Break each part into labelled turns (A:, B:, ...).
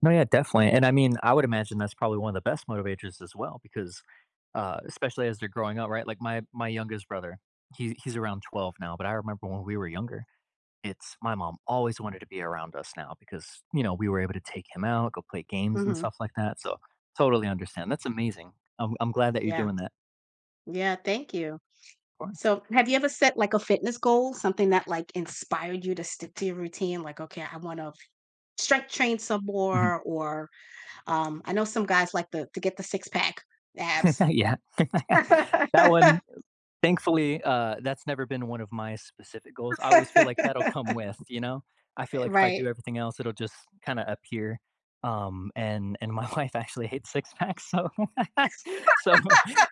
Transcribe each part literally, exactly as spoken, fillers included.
A: No, yeah, definitely, and I mean, I would imagine that's probably one of the best motivators as well, because, uh, especially as they're growing up, right, like my my youngest brother, he he's around twelve now, but I remember when we were younger, it's my mom always wanted to be around us now because, you know, we were able to take him out, go play games and
B: Mhm.
A: stuff like that, so, totally understand. That's amazing. I'm I'm glad that you're
B: Yeah.
A: doing that.
B: Yeah, thank you,
A: Course.
B: so, have you ever set, like, a fitness goal, something that, like, inspired you to stick to your routine, like, "Okay, I wanna strength train some
A: Mhm.
B: more," or, um, I know some guys like to get the six-pack abs.
A: Yeah, that one u thankfully, uh, that's never been one of my specific goals. I always feel like that'll come with, you know, I feel
B: Eh,
A: like if I do
B: right.
A: everything else, it'll just kinda appear, um, and and my wife actually hates six-packs, so so,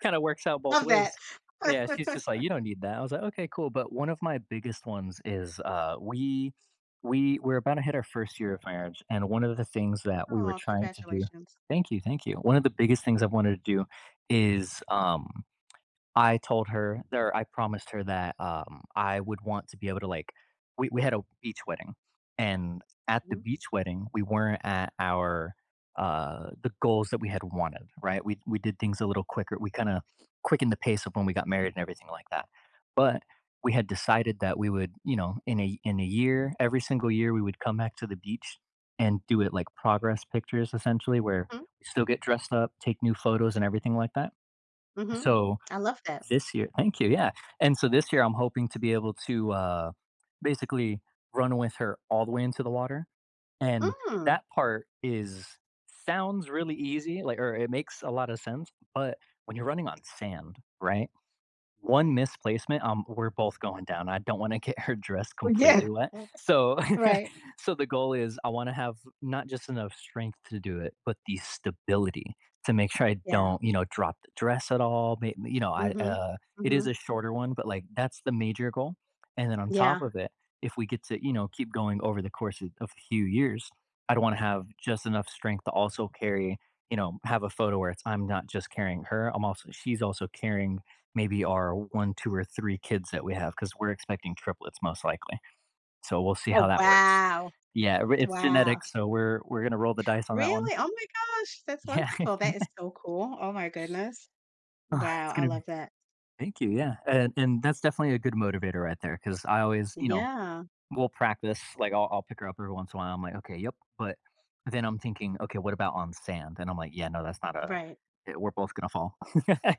A: kinda works out both
B: Love that.
A: ways. Yeah, she's just like, "You don't need that." I was like, "Okay, cool." But one of my biggest ones is, uh, we we we're about to hit our first year of marriage, and one of the things that we were
B: Aw,
A: trying to do
B: congratulations.
A: Thank you, thank you. One of the biggest things I've wanted to do is, um, I told her there, I promised her that, um, I would want to be able to, like we we had a beach wedding and at the
B: Mhm.
A: beach wedding, we weren't at our, uh, the goals that we had wanted, right, we we did things a little quicker, we kinda quickened the pace of when we got married and everything like that. But we had decided that we would, you know, in a in a year, every single year, we would come back to the beach and do it, like, progress pictures essentially where
B: Hmm?
A: we still get dressed up, take new photos, and everything like that.
B: Mhm,
A: So,
B: I love that.
A: this year Thank you, yeah, and so this year I'm hoping to be able to, uh, basically run with her all the way into the water, and
B: Mm.
A: that part is, sounds really easy, like, or it makes a lot of sense, but when you're running on sand, right, one misplacement, um, we're both going down. I don't wanna get her dress
B: Uh,
A: completely
B: yeah.
A: wet. So,
B: Right.
A: so the goal is, I wanna have not just enough strength to do it, but the stability to make sure I
B: Yeah.
A: don't, you know, drop the dress at all, may you know, I
B: Mhm,
A: uh, it is a
B: mhm.
A: shorter one, but, like, that's the major goal. And then on top
B: Yeah.
A: of it, if we get to, you know, keep going over the course of of a few years, I don't wanna have just enough strength to also carry you know, have a photo where it's I'm not just carrying her, I'm also she's also carrying maybe our one, two, or three kids that we have 'cause we're expecting triplets most likely. So, we'll see how
B: Oh
A: that works.
B: wow,
A: Yeah, we it's
B: wow.
A: genetic, so we're we're gonna roll the dice on that one.
B: Really? Oh my gosh, that's
A: Yeah.
B: wonderful. That is so cool. Oh my goodness,
A: Uh,
B: wow,
A: it's
B: I
A: gonna be
B: love that.
A: Thank you, yeah, and and that's definitely a good motivator right there 'cause I always, you know
B: Yeah.
A: we'll practice, like I'll I'll pick her up every once in a while, I'm like, "Okay, yep," but then I'm thinking, "Okay, what about on sand?" And I'm like, yeah, no, that's not a
B: Right.
A: we're both gonna fall.